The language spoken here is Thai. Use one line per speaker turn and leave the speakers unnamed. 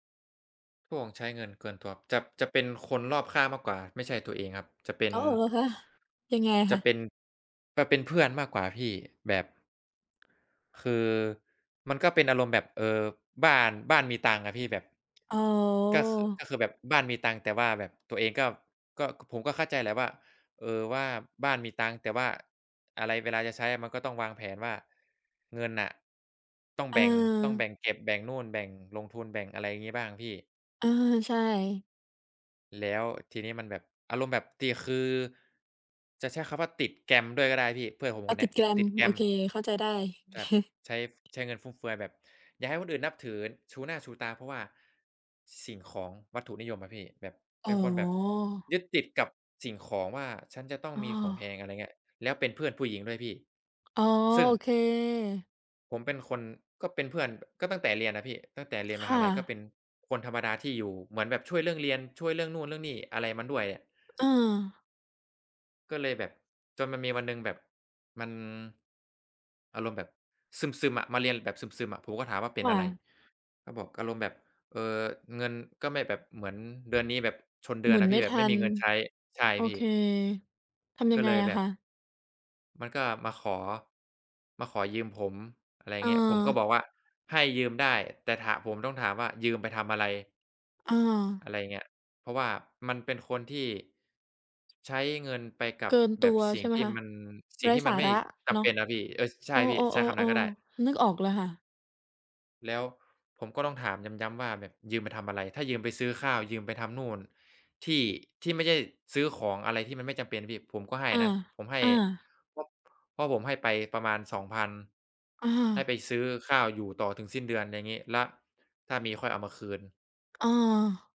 พวกใช้เงินเกินตัว จะ จะเป็นคนรอบข้างมากกว่าไม่ใช่ตัวเองครับ จะเป็
อ
น
้อ เหรอคะ ยังไง
จ
ค
ะ
ะ?
เป็น จะเป็นเพื่อนมากกว่าพี่แบบ คือมันก็เป็นอารมณ์แบบ เออ บ้าน บ้านมีตังค์อะพี่ แบบ
อ๋อ
ก็คือ ก็คือแบบบ้านมีตังค์ แต่ว่าแบบตัวเองก็ ก็ ผมก็เข้าใจแหละว่า เออ ว่าบ้านมีตังค์ แต่ว่าอะไร เวลาจะใช้ มันก็ต้องวางแผนว่า เงินน่ะ ต้องแบ่ง ต้องแบ
เออ
่งเก็บ แบ่งนู่น แบ่งลงทุน แบ่ง อะไรอย่างงี้บ้างพี่
เออ ใช่
แล้วทีนี้มันแบบ อารมณ์แบบตี คือจะใช้คำว่าติดแกลมด้วยก็ได้พี่ เพื่อนผม
อ๋
ค
อ
นเ
ต
น
ิ
ี้
ด
ย
แกลม
ติดแกล
โอ
ม
เค เข้าใจได้
ครับ ใช้ ใช้เงินฟุ่มเฟือยแบบอยากให้คนอื่นนับถือชูหน้าชูตา เพราะว่าสิ่งของวัตถุนิยมอะพี่ แบบเ
อ
ป็
๋
นคนแบบ
อ
ยึดติดกับสิ่งของว่า ฉันจะต้อง
อ้
มีของแพ
อ
ง อะไรเงี้ย แล้วเป็นเพื่อนผู้หญิงด้วยพี่
อ๋อ
ซึ่ง
โอเค
ผมเป็นคน ก็เป็นเพื่อนก็ตั้งแต่เรียนน่ะพี่ ตั้งแต่เรียน
ค
มห
่
าลัย ก็เ
ะ
ป็นคนธรรมดาที่อยู่เหมือนแบบช่วยเรื่องเรียน ช่วยเรื่องนู่นเรื่องนี่ อะไรมันด้วยอะ
เออ
ก็เลยแบบ จนมันมีวันหนึ่งแบบ มันอารมณ์แบบซึม ๆ อะ มาเรียนแบบซึม ๆ อะ ผมก็ถามว่า เป็
ค
น
่
อะไร
ะ
ก็บอกอารมณ์แบบ เอ่อ เงิน ก็ไม่แบบ เหมือนเดือนนี้แบบชนเดื
หม
อน
ุ
น
น
่ะ
ไ
พ
ม
ี
่
่ แบ
ท
บไ
ั
ม่มี
น
เงินใช้ ใช่
โอ
พี
เค
่
ทำย
ก
ั
็
งไ
เ
ง
ลย
อ
แ
ะ
บ
ค
บ
ะ?
มันก็มาขอ มาขอยืมผม อะไร
เ
เงี้ย ผมก็บ
ออ
อกว่า ให้ยืมได้ แต่ถา ผมต้องถามว่า ยืมไปทำอะไร
อา
อะไรอย่างเงี้ย เพราะว่ามันเป็นคนที่ใช้เงินไปกั
เก
บ
ิน
แบ
ตั
บ
ว
สิ
ใ
่
ช
ง
่ไหม
ที่
คะ?
มัน สิ
ไ
่
ร
ง
้
ที่
ส
มั
า
นไม่
ระ
จ
เน
ำ
า
เป
ะ
็นน่ะพี่ เออ ใช
เอ
่พี่ ใช้คำน
อ
ั้นก็ได้
ๆ ๆ ๆ นึกออกเลยค่ะ
แล้วผมก็ต้องถามย้ำ ๆ ว่าแบบยืมไปทำอะไร ถ้ายืมไปซื้อข้าว ยืมไปทำนู่น ที่ ที่ไม่ใช่ซื้อของอะไรที่มันไม่จำเป็นพี่ ผมก็ให้
อา
นะ ผมให้
อา
เพราะ เพราะผมให้ไปประมาณ 2,000
อ
ให้ไ
า
ปซื้อข้าวอยู่ต่อถึงสิ้นเดือนอย่างงี้ แล้วถ้ามีค่อยเอามาคืน
อา